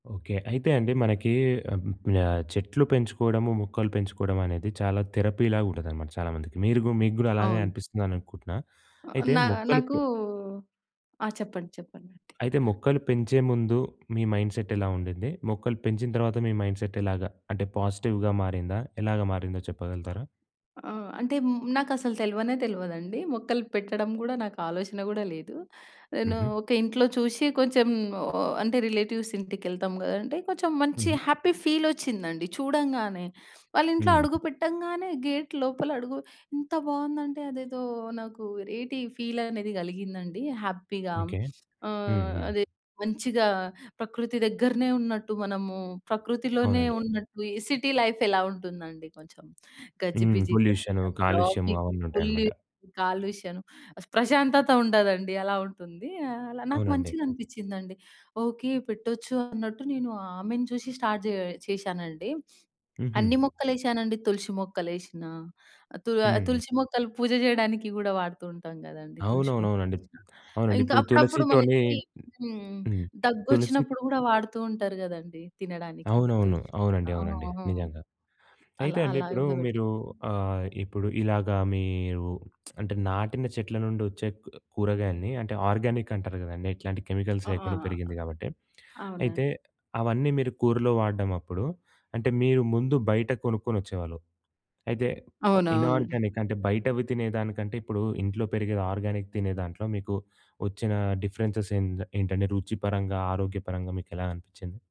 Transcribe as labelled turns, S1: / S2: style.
S1: Okay. అయితే అండి మనకి ఆహ్, చెట్లు పెంచుకోవడము, మొక్కలు పెంచుకోవడమనేది చాలా థెరపీ‌లాగా ఉంటదనమాట చాలామందికి. మీరు గూ మీకు గూడా అలాగే
S2: అవును.
S1: అనిపిస్తుందని అనుకుంటున్నా. అయితే
S2: నా
S1: మొక్కలు
S2: నాకు
S1: పె...
S2: ఆ! చెప్పండి. చెప్పండాంటి.
S1: అయితే మొక్కలు పెంచే ముందు మీ మైండ్‌సెట్ ఎలా ఉండింది? మొక్కలు పెంచిన తర్వాత మీ మైండ్‌సెట్ ఎలాగ అంటే పాజిటివ్‌గా మారిందా? ఎలాగా మారిందో చెప్పగలుగుతారా?
S2: ఆ! అంటే నాకసలు తెల్వనే తెల్వదండి. మొక్కలు పెట్టడం గూడా నాకాలోచన గూడా లేదు. నేను
S1: హుహు.
S2: ఒక ఇంట్లో చూసి కొంచెం ఆహ్, అంటే రిలేటివ్స్ ఇంటికెళ్తాం గదండి! అంటే కొంచెం మంచి
S1: హుహు.
S2: హ్యాపీ ఫీల్ ఒచ్చిందండి చూడంగానే. వాళ్ళింట్లో
S1: హ్మ్.
S2: అడుగు పెట్టంగానే గేట్ లోపల అడుగు ఎంత బావుందంటే అదేదో నాకు ఏటి ఫీలనేది గలిగిందండి హ్యాపీగా.
S1: ఓకే.
S2: ఆహ్,
S1: హుహు.
S2: అదే మంచిగా ప్రకృతి దగ్గరనే ఉన్నట్టు మనము ప్రకృతిలోనే
S1: అవునండి.
S2: ఉన్నట్టు ఈ సిటీ లైఫ్ ఎలా ఉంటుందండి కొంచెం
S1: హ్మ్.
S2: గజిబిజిగా
S1: పొల్యూషను,
S2: మొత్తం
S1: కాలుష్యం
S2: ట్రాఫిక్,
S1: అవన్నీ
S2: ఫుల్
S1: ఉంటాయన్నమాట.
S2: కాలుష్యం ప్రశాంతత ఉండదండి అలా ఉంటుంది. అలా నాకు
S1: అవునండి.
S2: మంచిగా అనిపిచ్చిందండి. ఓకే. పెట్టొచ్చు అన్నట్టు నేను ఆమెను చూసి స్టార్ట్ జేయ చేశానండి.
S1: హుహు.
S2: అన్ని మొక్కలేసానండి. తులసి మొక్కలేసినా తు
S1: హ్మ్.
S2: తులసి మొక్కలు పూజ జేయడానికి గూడా వాడుతుంటాం గదండీ! తులసి మొక్కలు
S1: అవునవునవునండీ.
S2: ఎసిన.
S1: అవునండీ.
S2: ఇంకా
S1: ఇప్పుడు
S2: అప్పుడప్పుడు
S1: తులసితోని
S2: మనకి హ్మ్.
S1: హ్మ్. తులసి
S2: దగ్గొచ్చినప్పుడు గూడా వాడుతూ ఉంటారు గదండీ! తినడానికి
S1: అవునవును.
S2: తులసి
S1: అవునండి. అవునండి.
S2: ఆహా!
S1: నిజంగా. అయితే
S2: అలా
S1: అండి
S2: అలా
S1: ఇప్పుడు
S2: గూడా పెట్టా.
S1: మీరు ఆహ్, ఇప్పుడు ఇలాగ మీరు అంటే నాటిన చెట్ల నుండచ్చే కు కూరగాయల్ని అంటే ఆర్గానిక్ అంటారు గదండీ! ఎట్లాంటి కెమికల్స్
S2: ఆ! ఆ!
S1: లేకుండా పెరిగింది గాబట్టి.
S2: అవునండి.
S1: అయితే అవన్నీ మీరు కూరలో వాడడం అప్పుడు అంటే మీరు ముందు బయట కొనుక్కొనొచ్చేవాళ్ళు. అయితే
S2: అవునవునండి.
S1: ఇనార్గానిక్ అంటే బయటవి తినేదానికంటే ఇప్పుడు ఇంట్లో పెరిగేది ఆర్గానిక్ తినే దాంట్లో మీకు వచ్చిన డిఫరెన్సెస్ ఏం ఏంటండి? రుచి పరంగా ఆరోగ్యపరంగా మీకెలా అనిపిచ్చింది?